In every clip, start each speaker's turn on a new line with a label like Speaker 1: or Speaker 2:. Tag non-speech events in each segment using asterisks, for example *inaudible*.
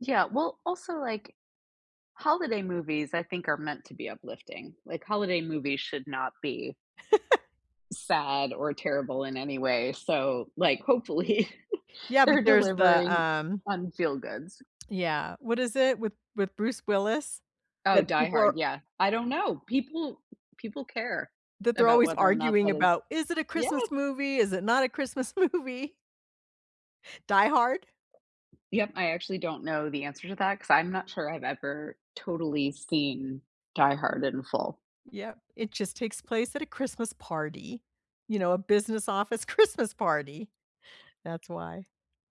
Speaker 1: Yeah. Well, also, like, holiday movies, I think, are meant to be uplifting. Like, holiday movies should not be
Speaker 2: *laughs*
Speaker 1: sad or terrible in any way. So, like, hopefully,
Speaker 2: Yeah, but
Speaker 1: they're
Speaker 2: there's the,
Speaker 1: delivering
Speaker 2: um
Speaker 1: on feel goods.
Speaker 2: yeah. What is it? With with Bruce Willis?
Speaker 1: Oh,
Speaker 2: That
Speaker 1: Die
Speaker 2: people are
Speaker 1: Hard, yeah. I don't know. People people care,
Speaker 2: that they're
Speaker 1: about
Speaker 2: always
Speaker 1: whether or not
Speaker 2: arguing
Speaker 1: that is
Speaker 2: about, "Is it a
Speaker 1: Yeah.
Speaker 2: Christmas movie? Is it not a Christmas movie?" Die Hard?
Speaker 1: Yep. I actually don't know the answer to that, 'cause I'm not sure I've ever totally seen Die Hard in full.
Speaker 2: Yep. It just takes place at a Christmas party. You know, a business office Christmas party. That's why.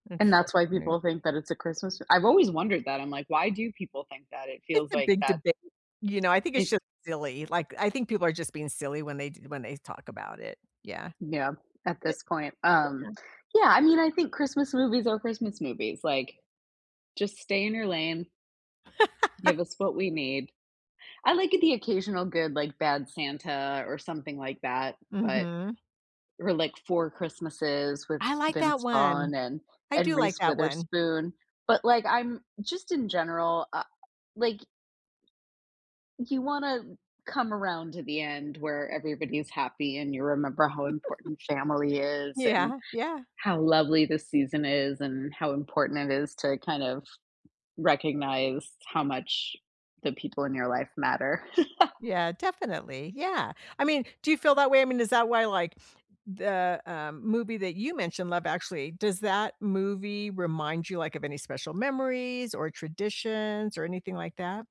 Speaker 2: It's
Speaker 1: And that's why
Speaker 2: so funny.
Speaker 1: people think that it's a Christmas I've always wondered that, I'm like, "Why do people think that it
Speaker 2: It's
Speaker 1: feels
Speaker 2: a
Speaker 1: like
Speaker 2: big
Speaker 1: that?"
Speaker 2: debate. You know, I think it's
Speaker 1: It
Speaker 2: just silly, like, I think people are just being silly when they d when they've talk about it. Yeah.
Speaker 1: Yeah, at
Speaker 2: It
Speaker 1: this point. Um
Speaker 2: oh, yeah.
Speaker 1: yeah, I mean, I think Christmas movies are Christmas movies. Like, just stay in your lane give
Speaker 2: *laughs*
Speaker 1: us what we need. I like a the occasional good, like, Bad Santa, or something like that, but
Speaker 2: Mhm.
Speaker 1: or, like, Four Christmases with
Speaker 2: I like that
Speaker 1: Vince Vaughn
Speaker 2: one.
Speaker 1: and
Speaker 2: I
Speaker 1: and
Speaker 2: do like
Speaker 1: Reese
Speaker 2: that one.
Speaker 1: Witherspoon. But, like, I'm just in general a like you wanna come around to the end where everybody's happy, and you remember how important family
Speaker 2: *giggles*
Speaker 1: is, and
Speaker 2: Yeah. Yeah.
Speaker 1: how lovely the season is, and how important it is to, kind of, recognize how much the people in your life matter. *laughs*
Speaker 2: Yeah, definitely, yeah. I mean, do you feel that way? I mean, is that why, like, the, um, movie that you mentioned- Love Actually- does that movie remind you, like, of any special memories, or traditions, or anything like that?